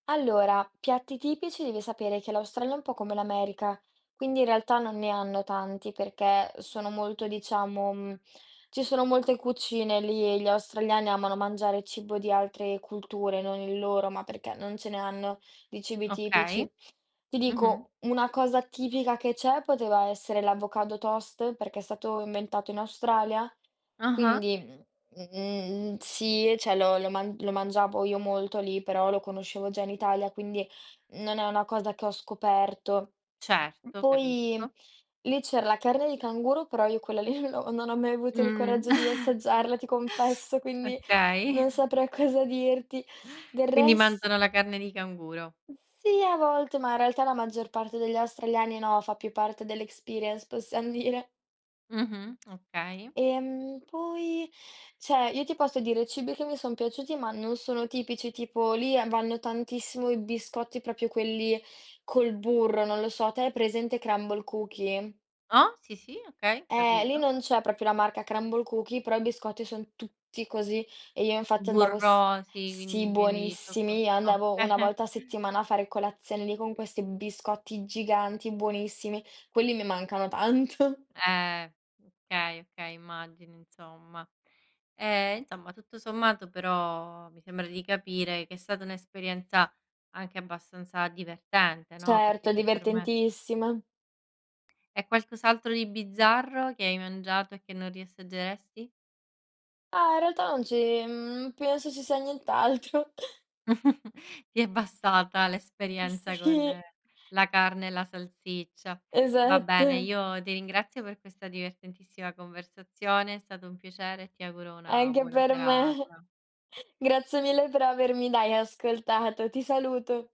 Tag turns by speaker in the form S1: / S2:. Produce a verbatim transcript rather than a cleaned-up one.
S1: Allora, piatti tipici, devi sapere che l'Australia è un po' come l'America. Quindi, in realtà, non ne hanno tanti perché sono molto, diciamo, mhmm, ci sono molte cucine lì e gli australiani amano mangiare cibo di altre culture, non il loro, ma perché non ce ne hanno di cibi
S2: Okay,
S1: tipici. Ti
S2: mh-mh.
S1: dico, una cosa tipica che c'è poteva essere l'avocado toast perché è stato inventato in Australia,
S2: Ah-ah.
S1: quindi, mhmm, sì, ceh, lo lo man lo mangiavo io molto lì, però lo conoscevo già in Italia, quindi non è una cosa che ho scoperto. Uhm,
S2: Certo, capisco.
S1: poi, lì c'era la carne di canguro, però io quella lì non l'ho non ho mai avuto il
S2: Mhmm.
S1: coraggio di assaggiarla, ti confesso, quindi
S2: Okay.
S1: non saprei cosa dirti. Del
S2: Quindi
S1: res
S2: mangiano la carne di canguro.
S1: Sì, a volte, ma in realtà la maggior parte degli australiani no, fa più parte dell' experience, possiam dire.
S2: Mh-mh, okay.
S1: Ehm, poi, ceh, io ti posso dire cibi che mi son piaciuti, ma non sono tipici. Tipo, lì e vanno tantissimo i biscotti, propio quelli col burro, non lo so. Te hai presente Crumbl Cookies?
S2: Ah, sì, sì, okay,
S1: Eh, lì
S2: capito.
S1: non c'è proprio la marca Crumbl Cookies però i biscotti son tutti così. E io, infatti, andavo, s
S2: Burrosi,
S1: sì,
S2: quindi pieni di
S1: buonissimi.
S2: [unintelligible]
S1: Io
S2: o
S1: andavo una volta a settimana a fare colazione lì con questi biscotti giganti, buonissimi. Quelli mi mancano tanto.
S2: Eh okay, okay, immagini insomma. Ehm, insomma, tutto sommato però mi sembra di capire che è stata un'esperienza anche abbastanza divertente, no, perché
S1: Certo,
S2: [unintelligible]
S1: divertentissima.
S2: E qualcos'altro di bizzarro, che hai mangiato e che non riassaggeresti?
S1: Ma, in realtà non ci mhmm, penso ci sia nient'altro.
S2: Ti è bastata l'esperienza con
S1: Sì.
S2: la carne e la salsiccia. Va bene,
S1: Esatto.
S2: io ti ringrazio per questa divertentissima conversazione, è stato un piacere, e ti auguro una
S1: Anche
S2: buona
S1: per me.
S2: serata.
S1: Grazie mille per avermi, dai, ascoltato. Ti saluto.